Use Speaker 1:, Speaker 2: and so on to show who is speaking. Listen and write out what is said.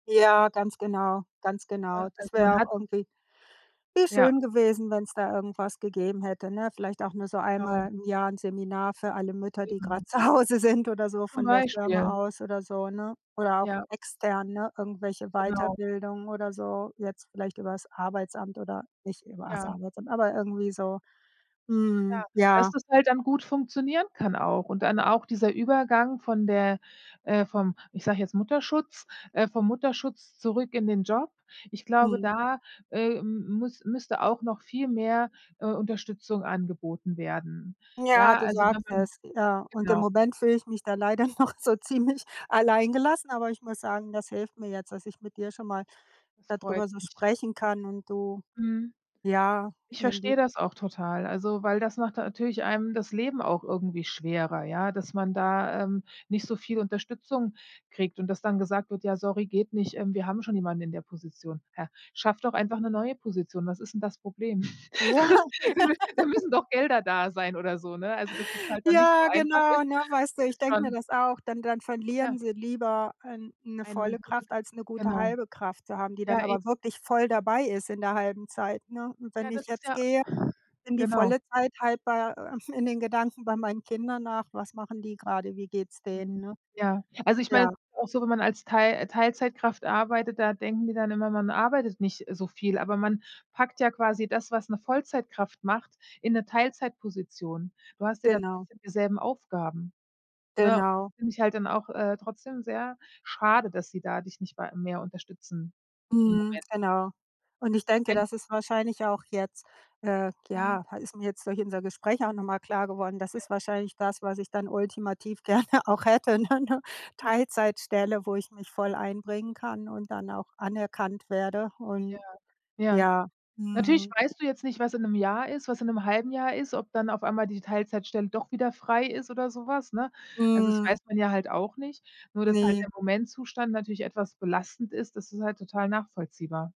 Speaker 1: Ja, ganz genau ganz
Speaker 2: Ne,
Speaker 1: genau. Das
Speaker 2: also man
Speaker 1: wäre auch
Speaker 2: hat
Speaker 1: irgendwie wie
Speaker 2: Ja.
Speaker 1: schön gewesen, wenn's da irgendwas gegeben hätte, ne? Vielleicht auch nur so
Speaker 2: Genau.
Speaker 1: einmal im Jahr 'n Seminar für alle Mütter, die
Speaker 2: Eben.
Speaker 1: grad Zuhause sind oder so
Speaker 2: Zum
Speaker 1: von der
Speaker 2: Beispiel.
Speaker 1: Firma aus oder so, ne? Oder auch
Speaker 2: Ja.
Speaker 1: extern, ne? Irgendwelche
Speaker 2: Genau.
Speaker 1: Weiterbildungen oder so, jetzt vielleicht übers Arbeitsamt oder nicht übers
Speaker 2: Ja.
Speaker 1: Arbeitsamt, aber irgendwie so.
Speaker 2: Ja,
Speaker 1: Mhm,
Speaker 2: dass
Speaker 1: ja.
Speaker 2: das halt dann gut funktionieren kann auch und dann auch dieser Übergang von der äh, vom ich sage jetzt Mutterschutz äh, vom Mutterschutz zurück in den Job, ich glaube,
Speaker 1: Mhm.
Speaker 2: da, äh, m m müss müsste auch noch viel mehr, äh, Unterstützung angeboten werden.
Speaker 1: Ja,
Speaker 2: Ja,
Speaker 1: du
Speaker 2: also wenn
Speaker 1: sagst
Speaker 2: man
Speaker 1: es, äh, und im
Speaker 2: genau.
Speaker 1: Moment fühle ich mich da leider noch so ziemlich alleingelassen, aber ich muss sagen, das hilft mir jetzt, dass ich mit dir schon mal
Speaker 2: Das
Speaker 1: da
Speaker 2: freut
Speaker 1: drüber so
Speaker 2: mich.
Speaker 1: sprechen kann und du
Speaker 2: Mhm.
Speaker 1: ja,
Speaker 2: Ich versteh
Speaker 1: [unintelligible]
Speaker 2: das auch total, also weil das macht natürlich einem das Leben auch irgendwie schwerer, ja, dass man da, ähm, nicht so viel Unterstützung kriegt und das dann gesagt wird: „Ja sorry, geht nicht, ähm, wir haben schon jemanden in der Position.“ Hä, schaff doch einfach 'ne neue Position, was ist 'n das Problem?
Speaker 1: Ja. Ja.
Speaker 2: Da müssen doch Gelder da sein oder so, ne? Also, dass es halt dann nicht so
Speaker 1: Ja,
Speaker 2: einfach ist,
Speaker 1: genau, ne, weißt du? Ich
Speaker 2: ist
Speaker 1: denke mir
Speaker 2: schon
Speaker 1: das auch. Dann dann
Speaker 2: Ja.
Speaker 1: verlieren sie lieber ein 'ne
Speaker 2: Eine
Speaker 1: volle
Speaker 2: gute g
Speaker 1: Kraft als 'ne gute
Speaker 2: genau.
Speaker 1: halbe Kraft zu haben, die
Speaker 2: Ja
Speaker 1: dann
Speaker 2: e
Speaker 1: aber wirklich voll dabei ist in der halben Zeit, ne? Und
Speaker 2: Ja
Speaker 1: wenn
Speaker 2: das
Speaker 1: ich
Speaker 2: ist
Speaker 1: jetzt
Speaker 2: ja
Speaker 1: gehe, in die
Speaker 2: genau.
Speaker 1: volle Zeit halt bei äh, in den Gedanken bei meinen Kindern nach, was machen die grade? Wie geht's denen,
Speaker 2: Mhm,
Speaker 1: ne?
Speaker 2: ja, also ich meine, es
Speaker 1: Ja.
Speaker 2: ist ja auch so, wenn man als Teil äh, Teilzeitkraft arbeitet, da denken die dann immer, man arbeitet nicht so viel, aber man packt ja quasi das, was 'ne Vollzeitkraft macht, in 'ne Teilzeitposition. Du hast ja dann
Speaker 1: Genau.
Speaker 2: trotzdem dieselben Aufgaben, ne?
Speaker 1: Genau.
Speaker 2: Finde ich halt dann auch, äh, trotzdem sehr schade, dass sie da dich nicht wei mehr unterstützen im
Speaker 1: Mhm,
Speaker 2: Moment.
Speaker 1: genau. Und ich denke,
Speaker 2: Wenn
Speaker 1: das ist wahrscheinlich auch jetzt äh,
Speaker 2: Mhm.
Speaker 1: ja, ist mir jetzt durch unser Gespräch auch nochmal klar geworden, das
Speaker 2: Ja.
Speaker 1: ist wahrscheinlich das, was ich dann ultimativ gerne auch hätte, ne? 'Ne Teilzeitstelle, wo ich mich voll einbringen kann und dann auch anerkannt werde
Speaker 2: Ja.
Speaker 1: und
Speaker 2: Ja.
Speaker 1: ja,
Speaker 2: Natürlich
Speaker 1: mhm.
Speaker 2: weißt du jetzt nicht, was in 'nem Jahr ist, was in 'nem halben Jahr ist, ob dann auf einmal die Teilzeitstelle doch wieder frei ist oder sowas, ne? Also das
Speaker 1: Mhm.
Speaker 2: weiß man ja halt auch nicht, nur dass halt
Speaker 1: Ne.
Speaker 2: der Momentzustand natürlich etwas belastend ist, das ist halt total nachvollziehbar.